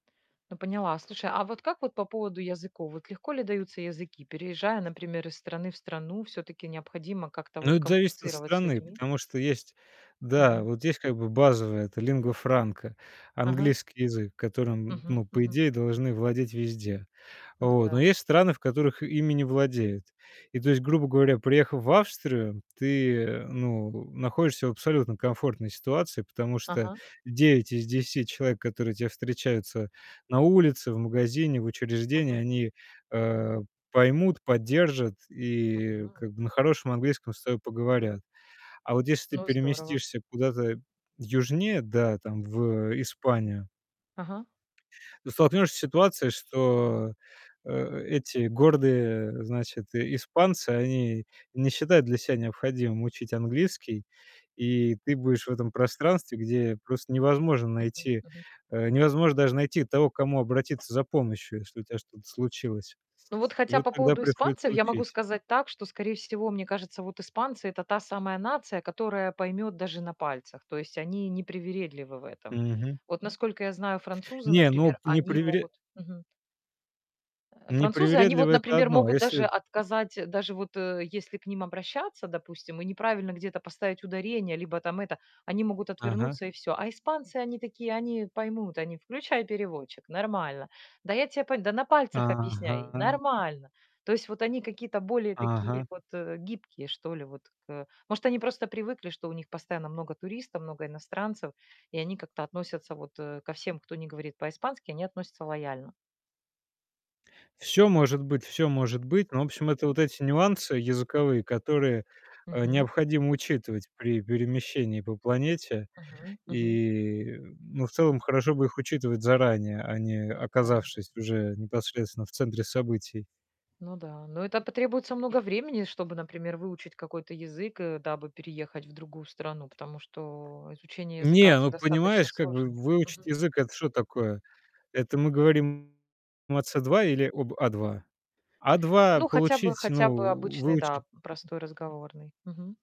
Ну поняла. Слушай, а вот как вот по поводу языков? Вот легко ли даются языки? Переезжая, например, из страны в страну, всё-таки необходимо как-то Ну вот это зависит от коммуницировать с страны, людьми. потому что есть да, Мгм. вот есть как бы базовое- это lingua franca, Ага. английский язык, которым, н Мгм, ну, по мгм. идее, должны владеть везде. Ну Вот. Но да. есть страны, в которых ими не владеют. И то есть грубо говоря, приехав в Австрию, ты, э, ну, находишься в абсолютно комфортной ситуации, потому что Ага. 9 из 10 человек, которые те встречаются на улице, в магазине, в учреждении, Ага. они, э, поймут, поддержат и Мгм. как бы на хорошем английском с тобой поговорят. А вот если ты Ну здорово. переместишься куда-то южнее, да, там в, э, Испанию Ага. ты столкнешься с ситуацией, что, э, эти гордые, значит, и испанцы, они не считают для ся необходимым учить английский. И ты будешь в этом пространстве, где просто невозможно Мгм, найти, мгм. э, невозможно даже найти того, к кому обратиться за помощью, если у тя что-то случилось. Ну вот И хотя вот по тогда поводу приходится испанцев я могу учить. сказать так, что, скорее всего, мне кажется, вот испанцы- это та самая нация, которая поймет даже на пальцах. То есть они не привередливы в этом. Мгм. Вот насколько я знаю, французы, Не, ну например, не они привере могут Мгм. Э, не французы, они вот, привередливый- это например, одно. А могут даже если отказать, даже вот, э, если к ним обращаться, допустим, и неправильно где-то поставить ударение либо там это, они могут Ага. отвернуться и всё. А испанцы- они такие, они поймут, они: "Включай переводчик, нормально. Да я тя по Да на пальцах объясняй, Ага. нормально". То есть вот они какие-то более такие Ага. вот, э, гибкие, что ли, вот к э. Может, они просто привыкли, что у них постоянно много туристов, много иностранцев, и они как-то относятся вот, э, ко всем, кто не говорит по-испански, они относятся лояльно. Всё может быть, всё может быть. Но, в общем, это М. вот эти нюансы языковые, которые, э, Мгм. необходимо учитывать при перемещении по планете. Мгм, мгм. И, м, ну, в целом, хорошо бы их учитывать заранее, а не Ну да. оказавшись уже непосредственно в центре событий. Ну да. Но это потребуется много времени, чтобы, например, выучить какой-то язык, э, дабы переехать в другую страну. Потому что изучение языка- Не, это ну достаточно понимаешь, как бы сложно. выучить Мгм. язык- это что такое? Это мы говорим о С2 или об А2? А2 Ну хотя бы, получить, ну хотя бы в обычный, да, выучить п простой разговорный. Мгм.